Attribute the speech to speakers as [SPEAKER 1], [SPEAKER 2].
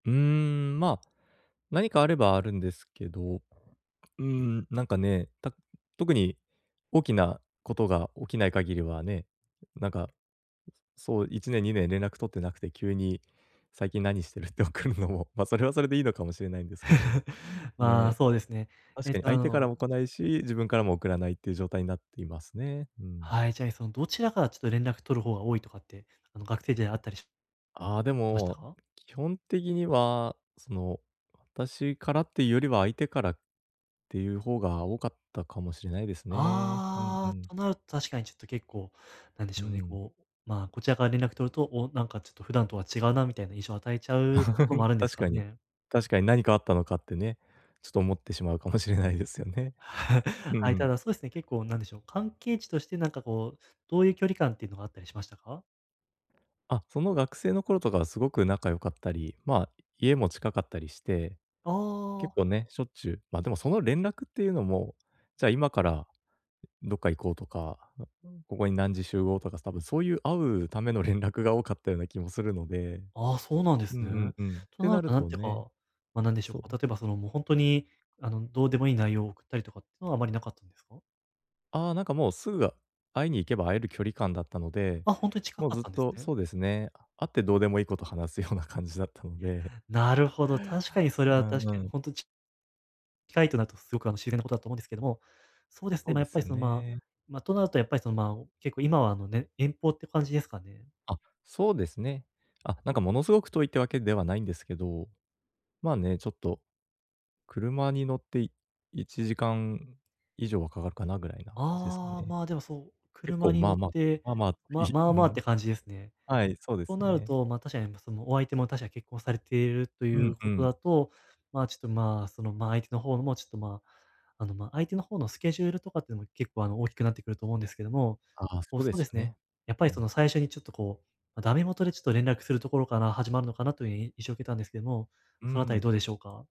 [SPEAKER 1] うーん、ま、何かあればあるんですけど。うーん、なんかね、た特に、大きなことが起きない限りはね、なんか、そう1年、2年連絡取ってなくて急に、「最近何してる？」って送るのも、ま、それはそれでいいのかもしれないんですけど、
[SPEAKER 2] まあ、
[SPEAKER 1] ね。
[SPEAKER 2] そうですね。
[SPEAKER 1] 確
[SPEAKER 2] えっ
[SPEAKER 1] かに、
[SPEAKER 2] と、あ
[SPEAKER 1] 相手から
[SPEAKER 2] の
[SPEAKER 1] も来ないし、自分からも送らないっていう状態になっていますね、うん。
[SPEAKER 2] はい。じゃ、いその、どちらからちょっと連絡取る方が多いとかって、あの、学生時代あったりし
[SPEAKER 1] ああ、で
[SPEAKER 2] ました
[SPEAKER 1] も、
[SPEAKER 2] か？
[SPEAKER 1] 基本的にはその、私からっていうよりは相手からっていう方が多かったかもしれないですね。うん、う
[SPEAKER 2] ああ、
[SPEAKER 1] ん。
[SPEAKER 2] となると確かにちょっと結構、なんで
[SPEAKER 1] う
[SPEAKER 2] しょうね、
[SPEAKER 1] ん。
[SPEAKER 2] こう、まあ、こちらから連絡取ると、「お、なんかちょっと普段とは違うな」みたいな印象与えちゃうところも あるんです
[SPEAKER 1] 確
[SPEAKER 2] か
[SPEAKER 1] かに。
[SPEAKER 2] ね。
[SPEAKER 1] 確かに、「何かあったのか？」ってね、ちょと思ってしまうかもしれないですよね。う
[SPEAKER 2] は
[SPEAKER 1] ん
[SPEAKER 2] い、
[SPEAKER 1] う
[SPEAKER 2] た
[SPEAKER 1] ん。
[SPEAKER 2] だそうすね、結構なんでしょう、関係値としてなんかこう、どういう距離感っていうのがあったりしましたか？
[SPEAKER 1] あ、その、学生の頃とかはすごく仲良かったり、ま、家も近かったりして、
[SPEAKER 2] あ
[SPEAKER 1] 結
[SPEAKER 2] あ。
[SPEAKER 1] 構ね、しょっちゅうま、でもその連絡っていうのも、「じゃあ、今からどっか行こう」とか、「ここに何時集合」とか多分、そういう、会うための連絡が多かったような気もするので、
[SPEAKER 2] ああ、そうなんで
[SPEAKER 1] う
[SPEAKER 2] す
[SPEAKER 1] ん
[SPEAKER 2] ね。
[SPEAKER 1] うん、うん、っ
[SPEAKER 2] と
[SPEAKER 1] て
[SPEAKER 2] な
[SPEAKER 1] な
[SPEAKER 2] る
[SPEAKER 1] る
[SPEAKER 2] と、なん
[SPEAKER 1] と
[SPEAKER 2] ていう
[SPEAKER 1] ね、
[SPEAKER 2] か、ま、なんでしょ
[SPEAKER 1] そう…
[SPEAKER 2] うか、例えば、その、もうほんとに、あの、どうでもいい内容を送ったりとかってのはあまりなかったんですか？
[SPEAKER 1] ああ、なんかもう、すぐ会いに行けば会える距離感だったので、
[SPEAKER 2] あ、ほんとに近
[SPEAKER 1] もう
[SPEAKER 2] かっ
[SPEAKER 1] ずっ
[SPEAKER 2] たんです
[SPEAKER 1] と
[SPEAKER 2] ね。
[SPEAKER 1] そうですね、会ってどうでもいいこと話すような感じだったので
[SPEAKER 2] なるほど、確かに、それは
[SPEAKER 1] うん
[SPEAKER 2] 確
[SPEAKER 1] う
[SPEAKER 2] かに
[SPEAKER 1] ん。
[SPEAKER 2] ほんと、ち近いとなるとすごく、あの、自然なことだと思うんですけども、そうです
[SPEAKER 1] そ
[SPEAKER 2] ね、
[SPEAKER 1] う
[SPEAKER 2] ま、
[SPEAKER 1] で
[SPEAKER 2] やっ
[SPEAKER 1] す
[SPEAKER 2] ぱり
[SPEAKER 1] よ
[SPEAKER 2] その、ま
[SPEAKER 1] ね。
[SPEAKER 2] ま、となるとやっぱりその、ま、結構今は、あの、ね、遠方って感じですかね？
[SPEAKER 1] あ、そうですね。あ、なんかものすごく遠いってわけではないんですけど、まあね、ちょっと、車に乗って1時間以上はかかっかなぐらいな感じですか
[SPEAKER 2] ああ、
[SPEAKER 1] ね。
[SPEAKER 2] まあ、でもそう
[SPEAKER 1] 結
[SPEAKER 2] 車
[SPEAKER 1] 構
[SPEAKER 2] に
[SPEAKER 1] ま
[SPEAKER 2] 乗
[SPEAKER 1] あ
[SPEAKER 2] っ
[SPEAKER 1] まあ、そ
[SPEAKER 2] て
[SPEAKER 1] まあまあ、い
[SPEAKER 2] まま
[SPEAKER 1] う
[SPEAKER 2] あまあっ
[SPEAKER 1] ん。
[SPEAKER 2] て感じですね。
[SPEAKER 1] はい、そうで
[SPEAKER 2] と
[SPEAKER 1] す
[SPEAKER 2] なる
[SPEAKER 1] ね。
[SPEAKER 2] と、ま、確かにま、そのお相手も確か結婚されていると
[SPEAKER 1] う
[SPEAKER 2] い
[SPEAKER 1] ん、
[SPEAKER 2] う
[SPEAKER 1] ふ
[SPEAKER 2] こと
[SPEAKER 1] ん。
[SPEAKER 2] だと、まあ、ちょっとまあ、その、ま、相手の方もちょっとま、あの、ま、相手の方のスケジュールとかっていうの結構、あの、大きくなってくると思うんですけども、
[SPEAKER 1] ああ、
[SPEAKER 2] もう
[SPEAKER 1] そう
[SPEAKER 2] そ
[SPEAKER 1] で
[SPEAKER 2] う
[SPEAKER 1] し
[SPEAKER 2] で
[SPEAKER 1] ょ
[SPEAKER 2] す
[SPEAKER 1] う
[SPEAKER 2] ね、
[SPEAKER 1] ね、
[SPEAKER 2] やっ
[SPEAKER 1] う
[SPEAKER 2] ぱり、そ
[SPEAKER 1] ん。
[SPEAKER 2] の、最初にちょっとこう、ま、ダメもとでちょっと連絡するところから始まるのかなという、い印象受けたんですけども、
[SPEAKER 1] うー
[SPEAKER 2] そのあたりど
[SPEAKER 1] ん。
[SPEAKER 2] うでしょうか？